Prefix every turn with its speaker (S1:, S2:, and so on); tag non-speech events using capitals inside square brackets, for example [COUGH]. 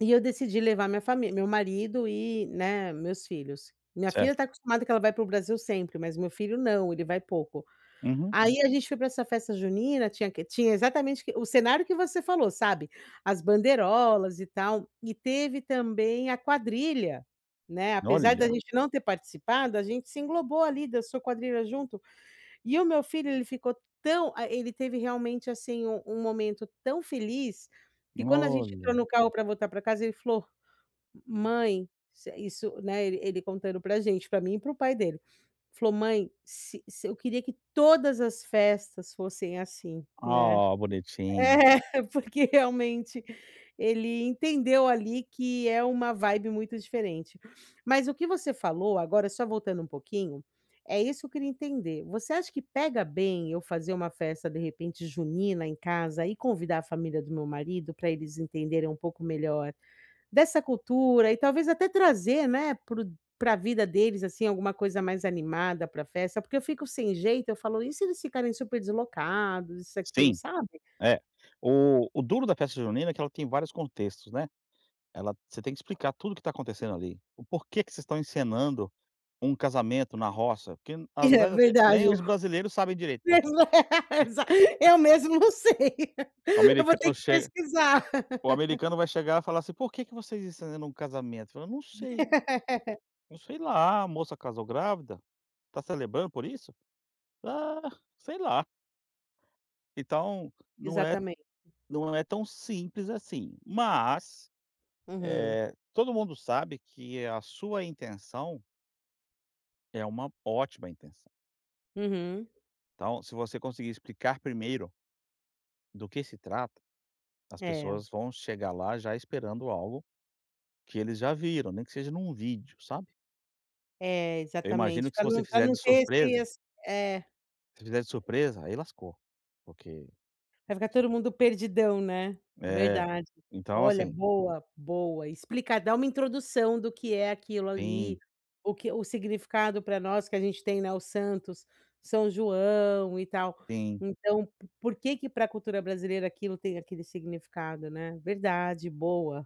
S1: E eu decidi levar minha família, meu marido e, né, meus filhos, minha filha
S2: Certo.
S1: está acostumada que ela vai para o Brasil sempre mas o meu filho não, ele vai pouco.
S2: Uhum.
S1: Aí a gente foi pra essa festa junina tinha que? Tinha exatamente o que O cenário que você falou sabe, as bandeirolas e tal, e teve também a quadrilha, né, apesar de a
S2: Olha.
S1: gente não ter participado, a gente se englobou ali, dançou quadrilha junto, e o meu filho ele ficou tão, ah, ele teve realmente, assim, um um momento tão feliz, que quando a gente entrou
S2: Olha.
S1: no carro pra voltar pra casa ele falou: "Mãe", isso isso, né, ele ele contando pra gente, pra mim e pro pai dele, falou: "Mãe, se se eu queria que todas as festas fossem assim, né",
S2: Ah, bonitinho.
S1: é, porque realmente ele entendeu ali que é uma vibe muito diferente. Mas o que você falou agora só voltando um pouquinho, é isso eu queria entender. Você acha que pega bem eu fazer uma festa de repente junina em casa e convidar a família do meu marido pra eles entenderem um pouco melhor dessa cultura e talvez até trazer, né, pro pra vida deles assim alguma coisa mais animada pra festa, porque eu fico sem jeito eu falo: "E se eles ficarem super deslocados, isso e aquilo
S2: Sim,
S1: sabe"?
S2: é, o o duro da festa junina, é que ela tem vários contextos, né, ela você tem que explicar tudo o que está acontecendo ali, o porquê que vocês estão encenando um casamento na roça, porque na
S1: É
S2: verdade até
S1: verdade,
S2: nem os brasileiros sabem direito o porquê.
S1: é exato eu
S2: [LAUGHS]
S1: mesmo não sei,
S2: O
S1: eu vou ter
S2: americano
S1: que
S2: chega,
S1: pesquisar.
S2: o americano vai chegar e falar assim, por que que vocês estão encenando um casamento? Você fala, eu não sei?
S1: [LAUGHS]
S2: Eu sei lá, a moça casou grávida, está celebrando por isso? Ah, sei lá? Então, não é
S1: Exatamente.
S2: não é tão simples assim, mas,
S1: Uhum.
S2: eh, todo mundo sabe que é a sua intenção é uma ótima intenção.
S1: Uhum.
S2: Então, se você conseguir explicar primeiro do que se trata, as
S1: É.
S2: pessoas vão chegar lá já esperando algo que eles já viram, nem que seja num vídeo, sabe?
S1: É
S2: Eu imagino
S1: exatamente,
S2: que se
S1: pra
S2: você
S1: não pra
S2: fizer
S1: não
S2: de
S1: ter
S2: surpresa
S1: esses, é.
S2: se fizer de surpresa, aí lascou, porque
S1: Vai ficar todo mundo perdidão, né,
S2: É
S1: verdade.
S2: então
S1: Olha
S2: assim
S1: boa, boa, explicar, dar uma introdução do que é aquilo ali,
S2: Sim.
S1: o que, o significado pra nós, que a gente tem, né, os Santos, São João e tal,
S2: Sim.
S1: então por que que pra cultura brasileira aquilo tem aquele significado, né, verdade, boa.